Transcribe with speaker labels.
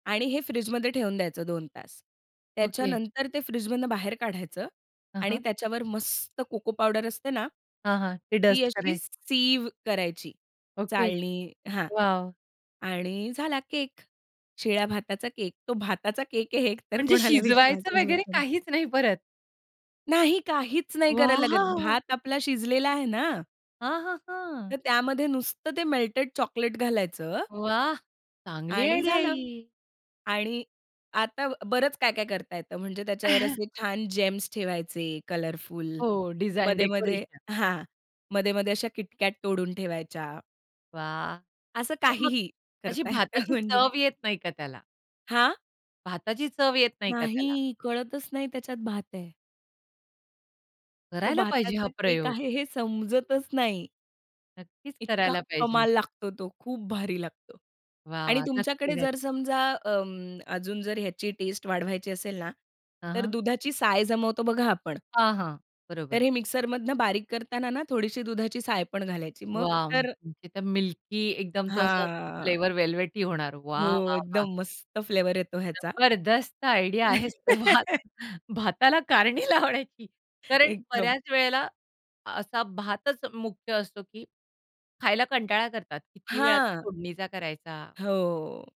Speaker 1: आणि हे फ्रिजमध्ये ठेवून द्यायचं 2 तास.
Speaker 2: ओके.
Speaker 1: त्याच्यानंतर ते फ्रिजमधनं बाहेर काढायचं
Speaker 2: हां,
Speaker 1: आणि
Speaker 2: हां.
Speaker 1: त्याच्यावर मस्त कोको पावडर असते ना,
Speaker 2: हां, हां. ते
Speaker 1: ती
Speaker 2: डस्ट
Speaker 1: अशी
Speaker 2: करायची.
Speaker 1: सीव्ह करायची
Speaker 2: ओके.
Speaker 1: चाळणी हां.
Speaker 2: वॉव!
Speaker 1: आणि झाला केक. शिळ्या भाताचा केक. तो भाताचा केक आहे हे एकतर
Speaker 2: म्हणजे
Speaker 1: कोणाला
Speaker 2: शिजवायचं
Speaker 1: विश्वासच
Speaker 2: वगैरे
Speaker 1: बसाय
Speaker 2: काहीच नाही परत?
Speaker 1: नाही, काहीच नाही करायला लागत.
Speaker 2: वॉव!
Speaker 1: भात आपला शिजलेला आहे ना
Speaker 2: हां, हां, हां.
Speaker 1: तर त्यामध्ये नुसतं ते मेल्टेड चॉकलेट घालायचं
Speaker 2: वाह! चांगली
Speaker 1: आणि
Speaker 2: आयडिया आहे
Speaker 1: झालं.
Speaker 2: ही.
Speaker 1: आणि आता बरंच काय-काय करता येतं, म्हणजे त्याच्यावर असे छान Gems ठेवायचे कलरफुल.
Speaker 2: हो. डिझाइन
Speaker 1: मध्ये-मध्ये
Speaker 2: डेकोरेशन.
Speaker 1: हां, मध्ये-मध्ये अशा KitKat तोडून ठेवायच्या.
Speaker 2: वाह!
Speaker 1: असं
Speaker 2: तर मग
Speaker 1: काहीही,
Speaker 2: अशी
Speaker 1: करता येतं
Speaker 2: भाताची
Speaker 1: म्हणजे.
Speaker 2: चव येत नाही का त्याला?
Speaker 1: हां?
Speaker 2: भाताची चव येत नाही का त्याला?
Speaker 1: नाही. कळतच नाही त्याच्यात भात आहे. तो
Speaker 2: करायला पाहिजे
Speaker 1: भाताचा
Speaker 2: हा
Speaker 1: केक
Speaker 2: प्रयोग.
Speaker 1: आहे हे समजतच नाही.
Speaker 2: नक्कीच
Speaker 1: इतका
Speaker 2: करायला पाहिजे.
Speaker 1: कमाल लागतो तो. खूप भारी लागतो.
Speaker 2: वाह!
Speaker 1: आणि
Speaker 2: वाह! नक्की,
Speaker 1: तुमच्याकडे
Speaker 2: नक्की.
Speaker 1: जर समजा अं, अजून जर ह्याची टेस्ट वाढवायची असेल ना,
Speaker 2: हां,
Speaker 1: तर
Speaker 2: हां.
Speaker 1: दुधाची साय जमवतो बघा आपण
Speaker 2: हां, हां.
Speaker 1: तर
Speaker 2: बरोबर.
Speaker 1: हे मिक्सरमधनं बारीक करतांना ना थोडीशी दुधाची साय पण घालायची. मग
Speaker 2: वाह!
Speaker 1: तर
Speaker 2: म्हणजे ते मिल्की एकदम तो असा
Speaker 1: हां.
Speaker 2: फ्लेवर वेल्वेटी होणार. वाह!
Speaker 1: हो.
Speaker 2: वाह! वाह!
Speaker 1: एकदम मस्त फ्लेवर येतो ह्याचा.
Speaker 2: जबरदस्त आयडिया आहे स भात भाताला कारणी लावण्याची. कारण
Speaker 1: एकदम.
Speaker 2: बऱ्याच वेळेला असा भातच मुख्य असतो की खायला कंटाळा करतात. किती वेळा तो
Speaker 1: हां.
Speaker 2: फोडणीचा करायचा.
Speaker 1: हो.